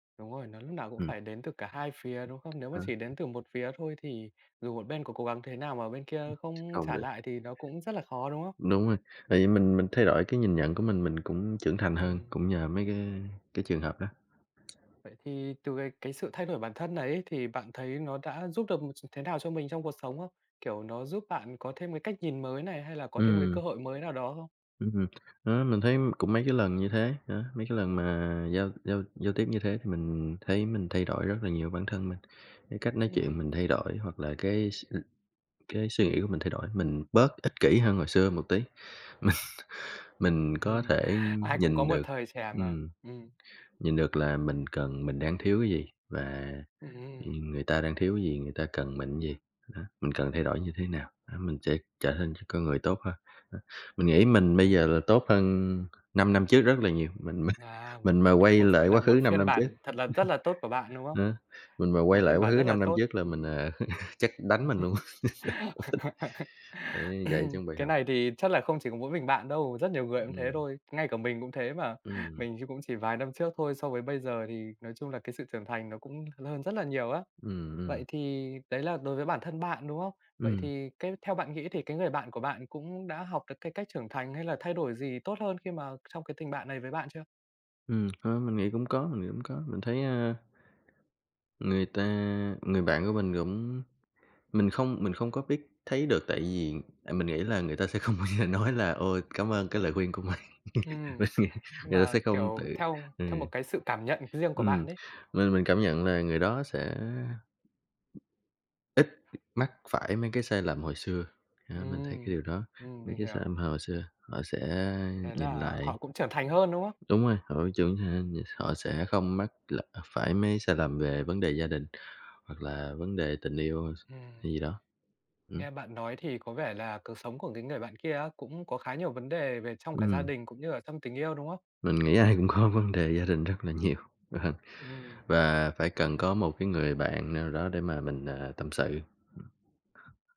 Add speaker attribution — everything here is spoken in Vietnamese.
Speaker 1: Đúng rồi, nó lúc nào cũng
Speaker 2: Ừm.
Speaker 1: phải đến từ cả hai phía, đúng không? Nếu mà
Speaker 2: Ờ.
Speaker 1: chỉ đến từ một phía thôi thì dù một bên có cố gắng thế nào mà bên
Speaker 2: Ừm,
Speaker 1: kia không
Speaker 2: không
Speaker 1: trả
Speaker 2: [unintelligible]
Speaker 1: lại thì nó cũng rất là khó, đúng không?
Speaker 2: Đúng rồi, tại vì mình mình thay đổi cái nhìn nhận của mình, mình cũng trưởng thành hơn,
Speaker 1: Ừm.
Speaker 2: cũng nhờ mấy cái cái trường hợp đó.
Speaker 1: Vậy thì từ cái cái sự thay đổi bản thân này ấy thì bạn thấy nó đã giúp được một ch thế nào cho mình trong cuộc sống không? Kiểu, nó giúp bạn có thêm cái cách nhìn mới này hay là có thêm cái cơ
Speaker 2: Ừm.
Speaker 1: hội mới nào đó không?
Speaker 2: Ừm hừm, đó, mình thấy, ưm, cũng mấy cái lần như thế, đó, mấy cái lần mà giao giao giao tiếp như thế mình thấy mình thay đổi rất là nhiều bản thân mình, cái cách nói chuyện
Speaker 1: Ừm.
Speaker 2: mình thay đổi hoặc là cái s ừm, cái suy nghĩ của mình thay đổi. Mình bớt ích kỷ hơn hồi xưa một tí, mình mình có thể
Speaker 1: Ai cũng có
Speaker 2: nhìn
Speaker 1: một
Speaker 2: được
Speaker 1: thời trẻ mà,
Speaker 2: ừm,
Speaker 1: ừm.
Speaker 2: nhìn được là mình cần mình đang thiếu cái gì và
Speaker 1: Ừm,
Speaker 2: nh
Speaker 1: ưm.
Speaker 2: nhưng người ta đang thiếu cái gì, người ta cần mình cái gì, đó, mình cần thay đổi như thế nào, đó, mình sẽ trở nên ch con người tốt hơn. Đó, mình nghĩ mình bây giờ
Speaker 1: Ừm.
Speaker 2: là tốt hơn 5 năm trước rất là nhiều, mình mình
Speaker 1: À, một
Speaker 2: mình mà quay
Speaker 1: một ph
Speaker 2: lại
Speaker 1: gọi
Speaker 2: quá
Speaker 1: là,
Speaker 2: khứ
Speaker 1: một
Speaker 2: 5
Speaker 1: phiên
Speaker 2: năm trước
Speaker 1: bản thật là rất là tốt của bạn, đúng không?
Speaker 2: đó, mình mà quay
Speaker 1: Một
Speaker 2: lại
Speaker 1: phiên
Speaker 2: quá
Speaker 1: bản
Speaker 2: khứ
Speaker 1: rất là
Speaker 2: 5 năm
Speaker 1: tốt,
Speaker 2: trước là mình,
Speaker 1: ừm.
Speaker 2: à, chắc đánh mình luôn, không thích, để dạy cho bài
Speaker 1: Cái
Speaker 2: học.
Speaker 1: này thì chắc là không chỉ có mỗi mình bạn đâu, rất nhiều người cũng thế
Speaker 2: Ừm.
Speaker 1: thôi. Ngay cả mình cũng thế mà,
Speaker 2: Ừm.
Speaker 1: mình thì cũng chỉ vài năm trước thôi, so với bây giờ thì nói chung là cái sự trưởng thành nó cũng l hơn rất là nhiều á.
Speaker 2: Ừm, ừm.
Speaker 1: Vậy thì đấy là đối với bản thân bạn, đúng không? Vậy
Speaker 2: Ừm.
Speaker 1: thì cái theo bạn nghĩ thì cái người bạn của bạn cũng đã học được cái cách trưởng thành hay là thay đổi gì tốt hơn khi mà trong cái tình bạn này với bạn chưa?
Speaker 2: Ừm, ờ, mình nghĩ cũng có, mình nghĩ cũng có, mình thấy, a người ta người bạn của mình cũng mình không mình không có biết thấy được tại vì tại mình nghĩ là người ta sẽ không bao giờ nói là ôi, cảm ơn cái lời khuyên của mình,
Speaker 1: Ừm,
Speaker 2: mình nghĩ
Speaker 1: nhưng
Speaker 2: người ta
Speaker 1: mà,
Speaker 2: sẽ không
Speaker 1: kiểu,
Speaker 2: tự
Speaker 1: theo
Speaker 2: ừ.
Speaker 1: theo một cái sự cảm nhận riêng của bạn
Speaker 2: Ừm,
Speaker 1: đấy.
Speaker 2: mình mình cảm nhận nà người đó sẽ ít mắc phải mấy cái sai lầm hồi xưa, à, mình thấy cái điều
Speaker 1: Ừm,
Speaker 2: đó,
Speaker 1: ừm,
Speaker 2: mấy
Speaker 1: mình
Speaker 2: cái sai
Speaker 1: hiểu.
Speaker 2: lầm hồi hồi xưa, họ sẽ
Speaker 1: Thế
Speaker 2: nhìn
Speaker 1: là họ
Speaker 2: lại
Speaker 1: cũng trưởng thành hơn, đúng không?
Speaker 2: đúng rồi, họ trưởng [unintelligible] họ sẽ không mắc l phải mấy sai lầm về vấn đề gia đình hoặc là vấn đề tình yêu
Speaker 1: Ừm.
Speaker 2: hay gì đó, ừm.
Speaker 1: Nghe bạn nói thì có vẻ là cừ sống của cái người bạn kia á cũng có khá nhiều vấn đề về trong cả gia
Speaker 2: Ừm.
Speaker 1: đình cũng như ở trong tình yêu, đúng không?
Speaker 2: Mình nghĩ ai cũng có vấn đề gia đình rất là nhiều, ờ,
Speaker 1: Ừm.
Speaker 2: và phải cần có một cái người bạn nào đó để mà mình, ờ, ờ, tâm sự.